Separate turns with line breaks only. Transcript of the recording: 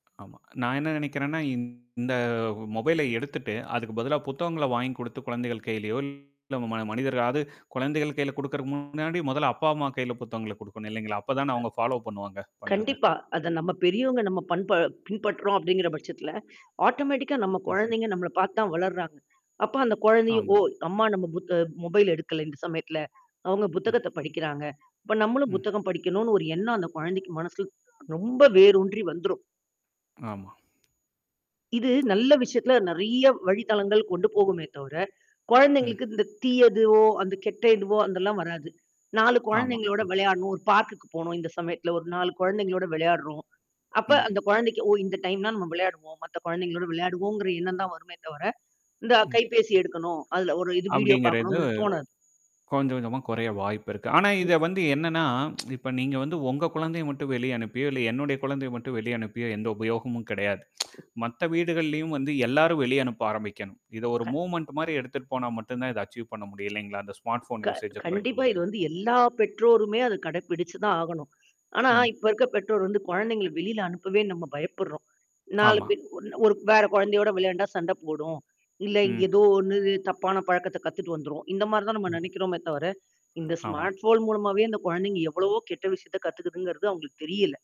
ஆமாங்க. நான் என்ன நினைக்கிறேன்னா, இந்த மொபைல எடுத்துட்டு, அதுக்கு பதிலா புத்தகங்கள வாங்கிக் குடுத்து குழந்தைகள் கையிலயோ, இல்ல உங் மனிதர்களா அது குழந்தைகள் கையில கொடுக்கறதுக்கு முன்னாடி மொதல அப்பா அம்மா கையில புத்தகங்கள கொடுக்கணும் இல்லைங்களா? அப்ப தான அவங்க ஃபாலோ பண்ணுவாங்க பண்றத.
கண்டிப்பா. அத நம்ம பெரியவங்க நம்ம பண்ப பின்பற்றுறோம் அப்படிங்கிற பட்சத்தில, ஆட்டோமேட்டிக்கா நம்ம
ம்.
குழந்தைங்க நம்மள பாத்து தான் வளருறாங்க. அப்ப அந்த குழந்தைங்க, ஓ!
ஆமா.
அம்மா நம்ம புத் அ மொபைல் எடுக்கல இந்த சமயத்தில, அவங்க
ம்.
புத்தகத்த படிக்கிறாங்க. அப்ப நம்மளும்
ம்.
புத்தகம் படிக்கனும்னு ஒரு எண்ணம், அந்த குழந்தைக்கு மனசுல, ரொம்ப வேரூன்றி வந்துரும்.
ஆமா.
இது நல்ல விஷயத்துல நிறைய வழி தளங்கள் கொண்டு போகுமே தவிர, குழந்தைகளுக்கு
ம்.
இந்த தீயதுவோ, அந்த கெட்ட இதுவோ அதெல்லாம் வராது. 4
ஆமா.
குழந்தைகளோட
ம்.
விளையாடனும். ஒரு பார்க்க்கு போகணும் இந்த சமயத்தில ஒரு 4 குழந்தைகளோடு விளையாடுறோம். அப்ப
ம்.
அந்த குழந்தைக்கு, ஓ! இந்த டைம்ன்னா நம்ம விளையாடுவோம். மத்த குழந்தைகளோடு விளையாடுவோம்ங்கிற எண்ணம் தான் வருமே தவிர, இந்த
ம்.
கைபேசி எடுக்கணும். அதில ஒரு இது வீடியோ
அப்படிங்கிறது
பாக்கனுங்கறது தோணாது.
கொஞ்சம் கொஞ்சமா குறைய வாய்ப்பு இருக்கு. ஆனா
ம்.
இத வந்து என்னன்னா, இப்ப நீங்க வந்து உங்க குழந்தைய மட்டும் வெளிய அனுப்பியோ, இல்ல என்னுடைய குழந்தைய மட்டும் வெளிய அனுப்பியோ எந்த உபயோகமும் கிடையாது. மத்த வீடுகள்லயும் வந்து எல்லாரும் வெளிய அனுப்ப ஆரம்பிக்கணும். இத ஒரு
க
மூவ்மென்ட் மாரி எடுத்துட்டு போனா மட்டும் தான், இத அச்சீவ் பண்ண முடியும் இல்லைங்களா? அந்த ஸ்மார்ட் போன்
க
யூசேஜ்ஐ குறைக்க
கண்டிப்பா. இது
முடியும்.
வந்து எல்லா பெற்றோருமே அத கடைபிடிச்சு தான் ஆகணும். ஆனா,
ம்.
இப்ப இருக்க பெற்றோர் வந்து குழந்தைங்கள வெளில அனுப்பவே நம்ம பயப்படுறோம். 4
ஆமா.
பேர் ஒரு வேற குழந்தையோட விளையாண்டா சண்ட போடும். இல்ல இங்
ம்.
ஏதோ ஒண்ணு தப்பான பழக்கத்த கத்துட்டு வந்துரும். இந்த மாரி தான் நம்ம
ம்.
நினைக்கிறோமே தவிர, இந்த
ஆமா.
ஸ்மார்ட் போன் மூலமாவே, இந்த குழந்தைங்க எவ்வளவோ கெட்ட விஷயத்த கத்துக்குதுங்கிறது அவங்களுக்கு தெரியல.